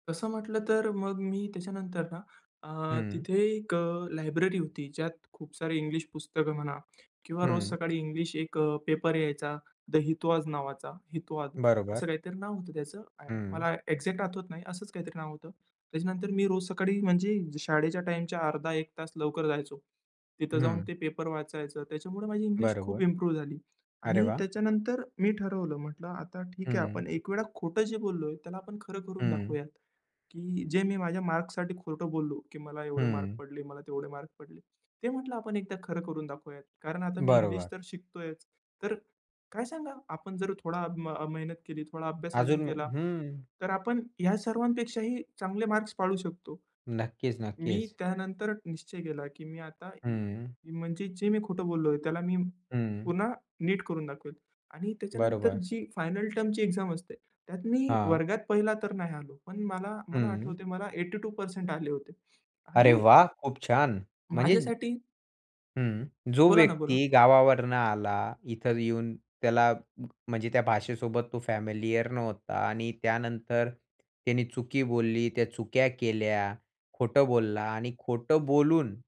तसं म्हटलं तर मग मी त्याच्यानंतर ना अ, हं. तिथे एक अ, लायब्ररी होती. ज्यात खूप सारे इंग्लिश पुस्तकं म्हणा किंवा रोज हं. सकाळी इंग्लिश एक पेपर यायचा, द हितवाद नावाचा, हितवाद. असं बरोबर. काहीतरी नाव होतं त्याचं, हं. मला एक्झॅक्ट आठवत नाही, असंच काहीतरी नाव होतं. त्याच्यानंतर मी रोज सकाळी म्हणजे शाळेच्या टाईमच्या अर्धा एक तास लवकर जायचो. तिथं जाऊन हं. ते पेपर वाचायचो. त्याच्यामुळे माझी इंग्लिश खूप बरोबर. इम्प्रूव्ह झाली अरे आणि वाह! त्याच्यानंतर मी ठरवलं. म्हटलं आता ठीक आहे, हं. आपण एक वेळ खोटं जे बोललोय त्याला आपण खरं करून हं. दाखवूया. की जे मी माझ्या मार्क्ससाठी खोटं बोललो, की मला एवढे मार्क हं. पडले, मला तेवढे मार्क पडले. ते म्हटलं आपण एकदा खरं करून दाखवूयात. कारण आता मी इंग्लिश बरोबर. तर शिकतोयच, तर काय सांगावा आपण जर थोडी मेहनत केली, थोडा अभ्यास अजून अजून केला, हं. तर आपण ह्या सर्वांपेक्षाही चांगले मार्क्स पाडू शकतो. नक्कीच, मी नक्कीच. त्यानंतर निश्चय केला की मी आता हं. म्हणजे जे मी खोटं बोललोय त्याला मी हं. पुन्हा नीट करून दाखवेल. आणि त्याच्यानंतर बरोबर. जी फायनल टर्मची एक्झाम असते, त्यात मी हां. वर्गात पहिला तर नाही आलो, पण मला मला हं. आठवतंय मला 82% आले होते अरे आणि वाह! खूप छान. म्हणजे माझ्यासाठी हं. जो बोला ना बोला. व्यक्ती गावावरून आला. इथं येऊन त्याला म्हणजे त्या भाषेसोबत तो फॅमिलियर नव्हता आणि त्यानंतर त्याने चुकी बोलली, त्या चुका केल्या खोटं बोलला आणि खोटं बोलून